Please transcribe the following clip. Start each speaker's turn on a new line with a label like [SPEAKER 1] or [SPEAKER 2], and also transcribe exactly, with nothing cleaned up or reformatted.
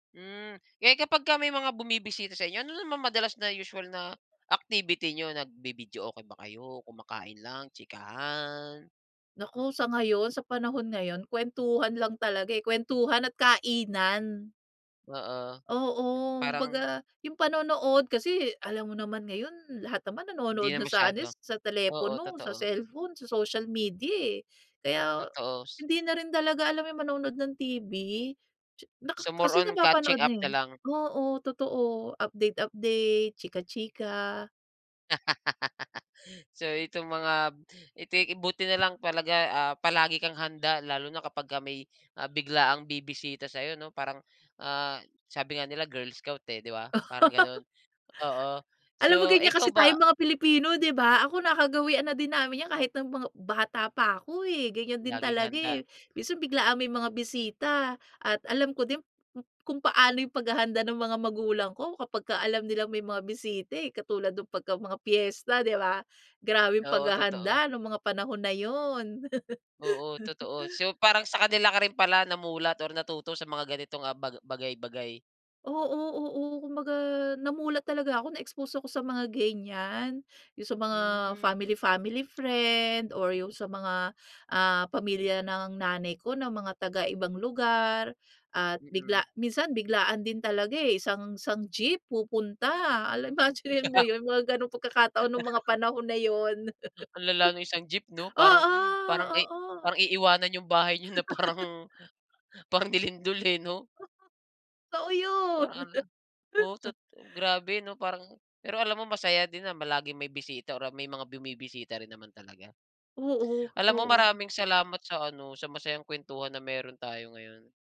[SPEAKER 1] Hmm, eh kapagka may mga bumibisita sa inyo, ano naman madalas na usual na activity niyo, nagvi-videoke ba kayo, kumakain lang, chikahan?
[SPEAKER 2] Naku, sa ngayon, sa panahon ngayon. Kwentuhan lang talaga eh, kwentuhan at kainan.
[SPEAKER 1] Oo.
[SPEAKER 2] Oo.
[SPEAKER 1] Parang
[SPEAKER 2] baga, yung panonood, kasi alam mo naman ngayon, lahat naman
[SPEAKER 1] Hindi
[SPEAKER 2] nanonood
[SPEAKER 1] na
[SPEAKER 2] na sa ano,
[SPEAKER 1] masyado.
[SPEAKER 2] sa sa
[SPEAKER 1] Oo,
[SPEAKER 2] telepono, sa
[SPEAKER 1] totoo.
[SPEAKER 2] cellphone, sa social media, eh. Kaya,
[SPEAKER 1] Totoo, s
[SPEAKER 2] hindi na rin talaga alam mo yung manonood ng TV, tsa naka
[SPEAKER 1] So, more
[SPEAKER 2] kasi
[SPEAKER 1] on catching
[SPEAKER 2] napapanood na,
[SPEAKER 1] up
[SPEAKER 2] eh.
[SPEAKER 1] nalang.
[SPEAKER 2] Oo, totoo, update-update, chika-chika.
[SPEAKER 1] So, itong mga ito buti nalang talaga, ah, palagi kang handa lalo na kapagka may biglaang bibisita sa'yo, 'no? Parang, ah, sabi nga nila girl scout eh, di ba? Parang ganun. Oo.
[SPEAKER 2] Alam mo
[SPEAKER 1] So,
[SPEAKER 2] ganyan
[SPEAKER 1] ikaw
[SPEAKER 2] kasi
[SPEAKER 1] ba
[SPEAKER 2] tayong mga Pilipino, di ba? Ako nakagawian na din namin 'yan kahit ng mga bata pa ako eh, ganyan din
[SPEAKER 1] Laging
[SPEAKER 2] talaga
[SPEAKER 1] handa.
[SPEAKER 2] eh. Minsan biglaang may mga bisita, at alam ko din ku kung paano yung paghahanda ng mga magulang ko, kapagka alam nilang may mga bisita, eh. Katulad ng pagka mga piyesta, di ba, grabeng
[SPEAKER 1] Oo, totoo.
[SPEAKER 2] paghahanda nung mga panahon na 'yun.
[SPEAKER 1] Oo, totoo. So, parang sa kanila ka rin pala namulat or natuto sa mga ganitong, ah, ba bagay-bagay.
[SPEAKER 2] Oo, oo. Kumbaga, namulat talaga ako, na-expose ako sa mga ganyan. Yung sa mga
[SPEAKER 1] Hmm.
[SPEAKER 2] family-family friend, or yung sa mga, ah, pamilya ng nanay ko na mga taga-ibang lugar. At bigla
[SPEAKER 1] Mm.
[SPEAKER 2] minsan biglaan din talaga, eh, isang isang jeep pupunta, alam imaginin mo 'yun, mga gano'ng pagkakataon ng mga panahon na 'yun.
[SPEAKER 1] Ang lala nung isang jeep, 'no? Parang
[SPEAKER 2] Oo,
[SPEAKER 1] parang i
[SPEAKER 2] oo.
[SPEAKER 1] parang iiwanan yung bahay niyo na parang parang nilindol, 'no?
[SPEAKER 2] Totoo, 'yun.
[SPEAKER 1] Parang alla. Oh, tot grabe 'no, parang pero alam mo masaya din na ma laging may bisita o may mga bumibisita rin naman talaga. Alam mo
[SPEAKER 2] Oo-oo.
[SPEAKER 1] maraming salamat sa ano, sa masayang kuwentuhan na meron tayo ngayon.